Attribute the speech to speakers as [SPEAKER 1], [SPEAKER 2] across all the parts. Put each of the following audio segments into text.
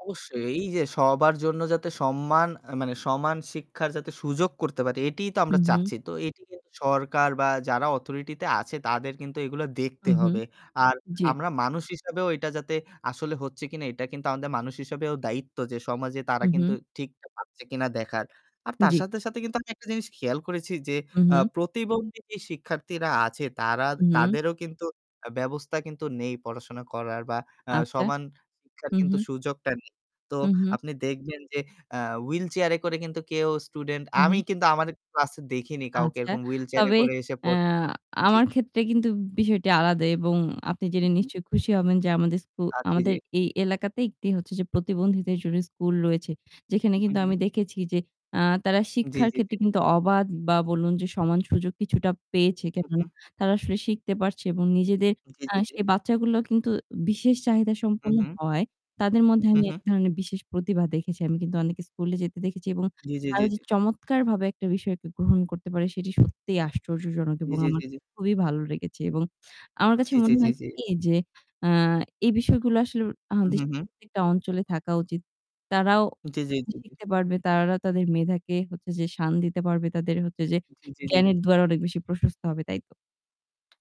[SPEAKER 1] অবশ্যই, এইযে সবার জন্য যাতে সম্মান আ মানে সমান শিক্ষার যাতে সুযোগ করতে পারি, এটিই তো
[SPEAKER 2] হু,
[SPEAKER 1] আমরা
[SPEAKER 2] হু।
[SPEAKER 1] চাচ্ছি। তো এটি কিন্তু সরকার বা যারা authority তে আছে তাদের কিন্তু এইগুলা দেখতে
[SPEAKER 2] হু, হু।
[SPEAKER 1] হবে। আর
[SPEAKER 2] জি।
[SPEAKER 1] আমরা মানুষ হিসেবেও এটা যাতে আসলে হচ্ছে কিনা এটা কিন্তু আমাদের মানুষ হিসেবেও দায়িত্ব যে সমাজে তারা কিন্তু
[SPEAKER 2] উহু।
[SPEAKER 1] ঠিকটা পাচ্ছে কিনা দেখার। আর তার
[SPEAKER 2] জি।
[SPEAKER 1] সাথে, সাথে কিন্তু আমি একটা জিনিস খেয়াল করেছি যে, আ
[SPEAKER 2] উহু।
[SPEAKER 1] প্রতিবন্ধী যে শিক্ষার্থীরা আছে তারা
[SPEAKER 2] হু।
[SPEAKER 1] তাদেরও কিন্তু আ ব্যবস্থা কিন্তু নেই পড়াশোনা করার বা আ
[SPEAKER 2] আচ্ছা।
[SPEAKER 1] সমান শিক্ষার
[SPEAKER 2] হু,
[SPEAKER 1] কিন্তু
[SPEAKER 2] হু।
[SPEAKER 1] সুযোগটা নেই। তো
[SPEAKER 2] হু, হু।
[SPEAKER 1] আপনি দেখবেন যে আ wheelchair এ করে কিন্তু কেউ স্টুডেন্ট
[SPEAKER 2] হু,
[SPEAKER 1] আমি
[SPEAKER 2] হু।
[SPEAKER 1] কিন্তু আমাদের ক্লাসে দেখিনি কাউকে
[SPEAKER 2] আচ্ছা।
[SPEAKER 1] এরকম wheelchair এ
[SPEAKER 2] তবে,
[SPEAKER 1] করে এসে
[SPEAKER 2] অ্যা
[SPEAKER 1] পড় জি।
[SPEAKER 2] আমার ক্ষেত্রে কিন্তু বিষয়টি আলাদা এবং আপনি জেনে
[SPEAKER 1] উহু।
[SPEAKER 2] নিশ্চয়ই খুশি হবেন যে আমাদের স্কু
[SPEAKER 1] আ জি, জি।
[SPEAKER 2] আমাদের এই এলাকাতে একটি হচ্ছে যে প্রতিবন্ধীদের জন্য স্কুল রয়েছে। যেখানে
[SPEAKER 1] হু,
[SPEAKER 2] কিন্তু আমি
[SPEAKER 1] হু।
[SPEAKER 2] দেখেছি যে, অ্যা তারা
[SPEAKER 1] জি,
[SPEAKER 2] শিক্ষার
[SPEAKER 1] জি, জি।
[SPEAKER 2] ক্ষেত্রে কিন্তু অবাধ বা বলুন যে সমান সুযোগ কিছুটা পেয়েছে। কেন
[SPEAKER 1] উহু।
[SPEAKER 2] তারা আসলে শিখতে পারছে এবং নিজেদের
[SPEAKER 1] জি,
[SPEAKER 2] অ্যা
[SPEAKER 1] জি, জি।
[SPEAKER 2] সেই বাচ্চাগুলো কিন্তু বিশেষ চাহিদা সম্পন্ন
[SPEAKER 1] উহু।
[SPEAKER 2] হওয়ায় তাদের
[SPEAKER 1] উ
[SPEAKER 2] মধ্যে
[SPEAKER 1] হু,
[SPEAKER 2] আমি এক
[SPEAKER 1] হু।
[SPEAKER 2] ধরনের বিশেষ প্রতিভা দেখেছি। আমি কিন্তু অনেকে স্কুলে যেতে দেখেছি এবং
[SPEAKER 1] জি, জি, জি,
[SPEAKER 2] তারা যে
[SPEAKER 1] জি।
[SPEAKER 2] চমৎকারভাবে একটা বিষয়কে গ্রহণ করতে পারে সেটি সত্যিই আশ্চর্যজনক
[SPEAKER 1] জি,
[SPEAKER 2] এবং
[SPEAKER 1] জি,
[SPEAKER 2] আমার
[SPEAKER 1] জি, জি।
[SPEAKER 2] খুবই ভালো লেগেছে। এবং আমার কাছে
[SPEAKER 1] জি, জি,
[SPEAKER 2] মনে
[SPEAKER 1] জি,
[SPEAKER 2] হয়েছে
[SPEAKER 1] জি।
[SPEAKER 2] কি যে, অ্যা এই বিষয়গুলো আসলে
[SPEAKER 1] হু,
[SPEAKER 2] আমাদের
[SPEAKER 1] হু, হু।
[SPEAKER 2] [unintelligible] টা অঞ্চলে থাকা উচিত। তারাও
[SPEAKER 1] জি, জি, জি, জি।
[SPEAKER 2] শিখতে পারবে, তারাও তাদের মেধাকে হচ্ছে যে শান দিতে পারবে, তাদের হচ্ছে যে
[SPEAKER 1] জি, জি, জি।
[SPEAKER 2] জ্ঞানের দুয়ার অনেক বেশি প্রশস্ত হবে, তাই তো?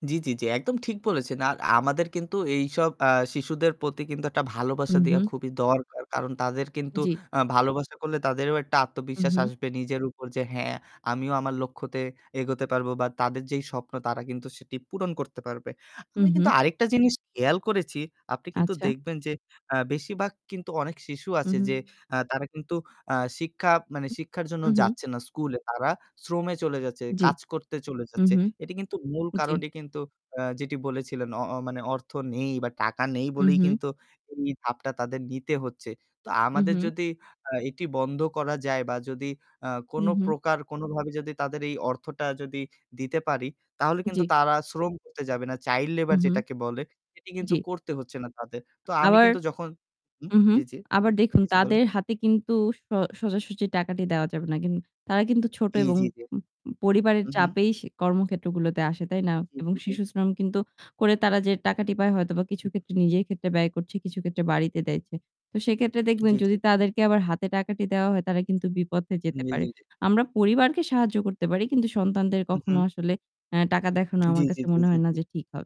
[SPEAKER 1] জি, জি, জি, একদম ঠিক বলেছেন। আর আমাদের কিন্তু এইসব আ শিশুদের প্রতি কিন্তু একটা ভালোবাসা দেয়া
[SPEAKER 2] উহু।
[SPEAKER 1] খুবই দরকার। কারণ তাদের কিন্তু
[SPEAKER 2] জি।
[SPEAKER 1] আ ভালোবাসা করলে তাদেরও একটা আত্মবিশ্বাস
[SPEAKER 2] উহু।
[SPEAKER 1] আসবে নিজের উপর যে, "হ্যাঁ, আমিও আমার লক্ষ্যতে এগোতে পারবো।" বা তাদের যেই স্বপ্ন তারা কিন্তু সেটি পূরণ করতে পারবে। আমি কিন্তু
[SPEAKER 2] উহু।
[SPEAKER 1] আরেকটা জিনিস খেয়াল করেছি, আপনি কিন্তু
[SPEAKER 2] আচ্ছা।
[SPEAKER 1] দেখবেন যে আ বেশিরভাগ কিন্তু অনেক শিশু আছে
[SPEAKER 2] উহু।
[SPEAKER 1] যে আ তারা কিন্তু আ শিক্ষা মানে শিক্ষার জন্য
[SPEAKER 2] উহু।
[SPEAKER 1] যাচ্ছে না স্কুলে। তারা শ্রমে চলে যাচ্ছে,
[SPEAKER 2] জি।
[SPEAKER 1] কাজ করতে চলে যাচ্ছে।
[SPEAKER 2] উহু।
[SPEAKER 1] এটি কিন্তু মূল
[SPEAKER 2] জি।
[SPEAKER 1] কারণই কিন্তু আ যেটি বলেছিলেন অ অ মানে অর্থ নেই বা টাকা নেই বলেই
[SPEAKER 2] উহু।
[SPEAKER 1] কিন্তু এই ধাপটা তাদের নিতে হচ্ছে। তো আমাদের
[SPEAKER 2] উহু।
[SPEAKER 1] যদি আ এটি বন্ধ করা যায় বা যদি আ
[SPEAKER 2] উহু।
[SPEAKER 1] কোনপ্রকার কোনভাবে যদি তাদের এই অর্থটা যদি দিতে পারি তাহলে কিন্তু
[SPEAKER 2] জি।
[SPEAKER 1] তারা শ্রম করতে যাবে না। Child labor
[SPEAKER 2] উহু।
[SPEAKER 1] যেটাকে বলে সেটি কিন্তু
[SPEAKER 2] জি।
[SPEAKER 1] করতে হচ্ছে না তাদের। তো আমি
[SPEAKER 2] আবার
[SPEAKER 1] কিন্তু যখন হুম।
[SPEAKER 2] উহু,
[SPEAKER 1] জি, জি।
[SPEAKER 2] আবার দেখুন,
[SPEAKER 1] জি, জি, বলুন।
[SPEAKER 2] তাদের হাতে কিন্তু স সোজাসুজি টাকাটি দেওয়া যাবে না। কিন তারা কিন্তু ছোট
[SPEAKER 1] জি,
[SPEAKER 2] উ এবং
[SPEAKER 1] জি, জি।
[SPEAKER 2] পরিবারের
[SPEAKER 1] হু, হু।
[SPEAKER 2] চাপেই সে কর্মক্ষেত্রগুলোতে আসে, তাই না?
[SPEAKER 1] জি,
[SPEAKER 2] এবং
[SPEAKER 1] জি, জি।
[SPEAKER 2] শিশুশ্রম কিন্তু করে তারা যে টাকাটি পায় হয়তোবা কিছু
[SPEAKER 1] [unintelligible]
[SPEAKER 2] ক্ষেত্রে নিজের ক্ষেত্রে ব্যয় করছে, কিছু ক্ষেত্রে বাড়িতে দেয় ছে তো সেক্ষেত্রে দেখবেন
[SPEAKER 1] জি, জি,
[SPEAKER 2] যদি
[SPEAKER 1] জি।
[SPEAKER 2] তাদেরকে আবার হাতে টাকাটি দেওয়া হয় তারা কিন্তু বিপথে যেতে
[SPEAKER 1] জি,
[SPEAKER 2] পারে।
[SPEAKER 1] জি, জি।
[SPEAKER 2] আমরা পরিবারকে সাহায্য করতে পারি কিন্তু সন্তানদের
[SPEAKER 1] উহু,
[SPEAKER 2] কখনো
[SPEAKER 1] হু।
[SPEAKER 2] আসলে অ্যা টাকা দেখানো
[SPEAKER 1] জি,
[SPEAKER 2] আমার
[SPEAKER 1] জি,
[SPEAKER 2] কাছে
[SPEAKER 1] জি,
[SPEAKER 2] মনে
[SPEAKER 1] জি,
[SPEAKER 2] হয় না
[SPEAKER 1] জি।
[SPEAKER 2] যে ঠিক হবে।